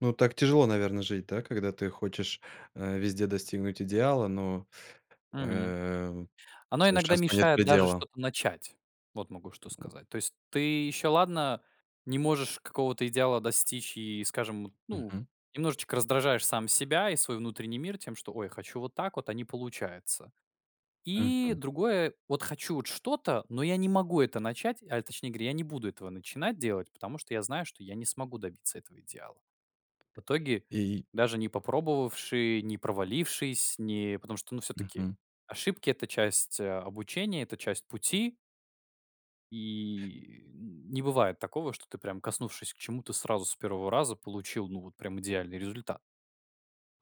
Ну так тяжело, наверное, жить да, когда ты хочешь, а, везде достигнуть идеала, но, Мгм. эм, Оно иногда совершенству нет мешает даже предела. что-то начать. Вот могу что сказать. То есть ты еще ладно не можешь какого-то идеала достичь и, скажем, ну, Мгм. немножечко раздражаешь сам себя и свой внутренний мир тем, что: ой, хочу вот так вот, а не получается. И Мгм. другое вот хочу вот что-то, но я не могу это начать. А точнее говоря, я не буду этого начинать делать, потому что я знаю, что я не смогу добиться этого идеала. В итоге, Э, и даже не попробовавши, не провалившись, не потому что- ну все-таки Мгм. ошибки это часть, а, обучения, это часть пути и не бывает такого, что ты прям коснувшись к чему-то сразу, с первого раза получил ну вот прям идеальный результат.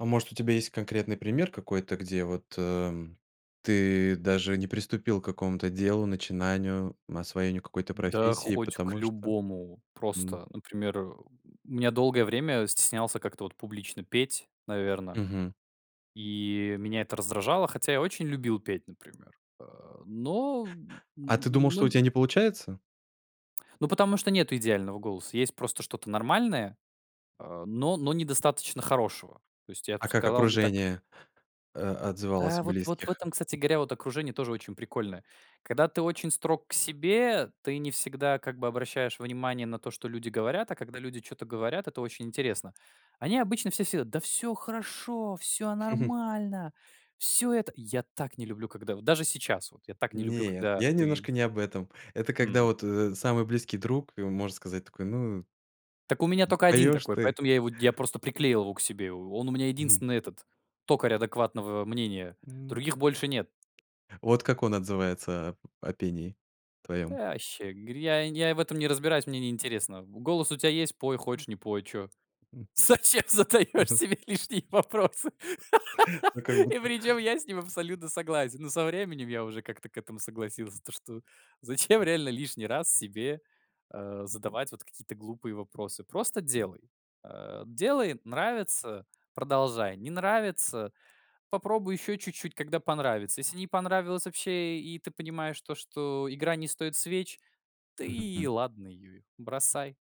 А может, у тебя есть конкретный пример какой-то, где вот, э, ты даже не приступил к какому-то делу, начинанию, м, освоению какой-то Да профессии, хоть к потому что, любому. м Просто, например, э, у меня долгое время стеснялся как-то вот публично петь, наверно. Мгм. И меня это раздражало, хотя я очень любил петь, например, э, но, м, А ты думал, но что у нь тебя не получается? Ну, потому что нету идеального голоса. Есть просто что-то нормальное, а, но но недостаточно хорошего. То есть, я б А как сказал бы так окружение, э, отзывалось Да, вот вот в близких? этом, кстати говоря, вот окружение тоже очень прикольное. Когда ты очень строг к себе, ты не всегда как бы обращаешь внимание на то, что люди говорят, а когда люди чё-то говорят- это очень интересно. Они обычно все всё: "Да всё хорошо, всё нормально, всё это" Я так не люблю, когда вот даже сейчас, вот я так не люблю, Нет, когда я ты немножко не об этом. Это когда Мгм. вот, э, самый близкий друг, э, может сказать такой: "Ну Так у меня только 1 поёшь такой, ты" поэтому я его, я просто приклеил его к себе. Он у меня Мгм. единственный- этот токарь адекватного мнения. М. Других больше нет. Вот как он отзывается о п пении "Да твоём? вообще,- говорит,- я я в этом не разбираюсь, мне неинтересно. Голос у тебя есть, пой, М. хочешь- не пой, чё. М. Зачем задаешь Мгм. себе лишние вопросы?" Ну как И будто. причем я с ним абсолютно согласен. Ну со временем я уже как-то к этому согласился. То что, зачем реально лишний раз себе, а, задавать вот какие-то глупые вопросы? Просто делай. А, делай, нравится- продолжай, не нравится- попробуй ещё чуть-чуть, когда понравится. Если не понравилось вообще и ты понимаешь то, что игра не стоит свеч,- да Мгм. и М. ладно её, бросай.